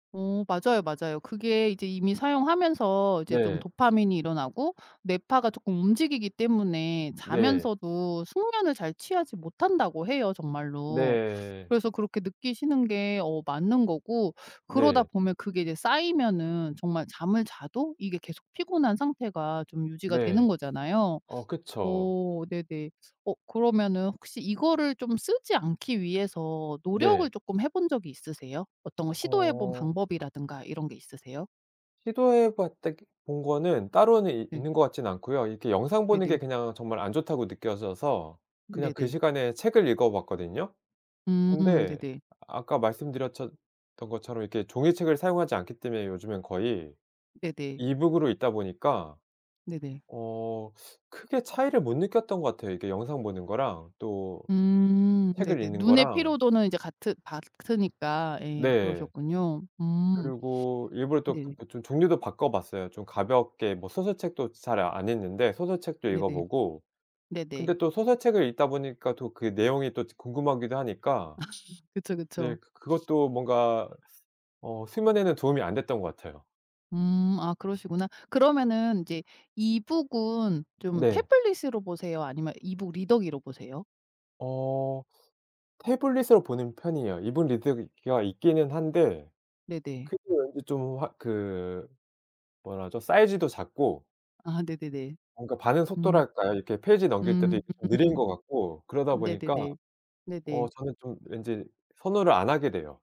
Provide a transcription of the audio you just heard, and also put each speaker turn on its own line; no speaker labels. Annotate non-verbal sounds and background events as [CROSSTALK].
어. 맞아요. 맞아요. 그게 이제 이미 사용하면서 이제 좀
네.
도파민이 일어나고 뇌파가 쪼끔 움직이기 때문에
네.
자면서도 숙면을 잘 취하지 못한다고 해요 정말로.
네.
그래서 그렇게 느끼시는 게 어 맞는 거고 그러다
네.
보면 그게 이제 쌓이면은 정말 잠을 자도 이게 계속 피곤한 상태가 좀 유지가
네.
되는 거잖아요.
어 그쵸.
어 네네. 어 그러면은 혹시 이거를 좀 쓰지 않기 위해서 노력을
네.
쪼끔 해본 적이 있으세요? 어떤 걸 시도해 본
어.
방법이라든가 이런 게 있으세요?
시도해 봤다기 본 거는 따로는 있
네.
있는 것 같지는 않고요. 이렇게 영상 보는 게
네네.
그냥 정말 안 좋다고 느껴져서 그냥 그
네네.
시간에 책을 읽어봤거든요.
음.
근데
네네.
아까 말씀드렸전 던 것처럼 이렇게 종이책을 사용하지 않기 때문에 요즘엔 거의
네네.
이북으로 읽다 보니까
네네.
어 크게 차이를 못 느꼈던 것 같아요. 이게 영상 보는 거랑 또
음.
책을
네네.
읽는
눈의
거랑
피로도는 이제 같으 같으니까 예
네.
그러셨군요. 음.
그리고 일부러 또
네.
그 그 좀 종류도 바꿔봤어요. 좀 가볍게 뭐 소설책도 잘 안 읽는데 소설책도 읽어
네네.
보고.
네네.
근데 또 소설책을 읽다 보니까 또 그 내용이 또 궁금하기도 하니까
[LAUGHS] 그쵸.
네
그쵸.
그 그것도 뭔가 스 어 수면에는 도움이 안 됐던 것 같아요.
음. 아 그러시구나. 그러면은 인제 이북은 좀
네.
태블릿으로 보세요? 아니면 이북 리더기로 보세요?
어. 태블릿으로 보는 편이에요. 이북 리더기가 있기는 한데
네네.
크기 말고 좀 아 그 뭐라 하죠? 사이즈도 작고
아. 네네네.
뭔가 반응
음.
속도랄까요? 이렇게 페이지 넘길 때도 이게 느린 것 같고 그러다 보니까
네네네.
어
네네.
저는 좀 왠지 선호를 안 하게 돼요.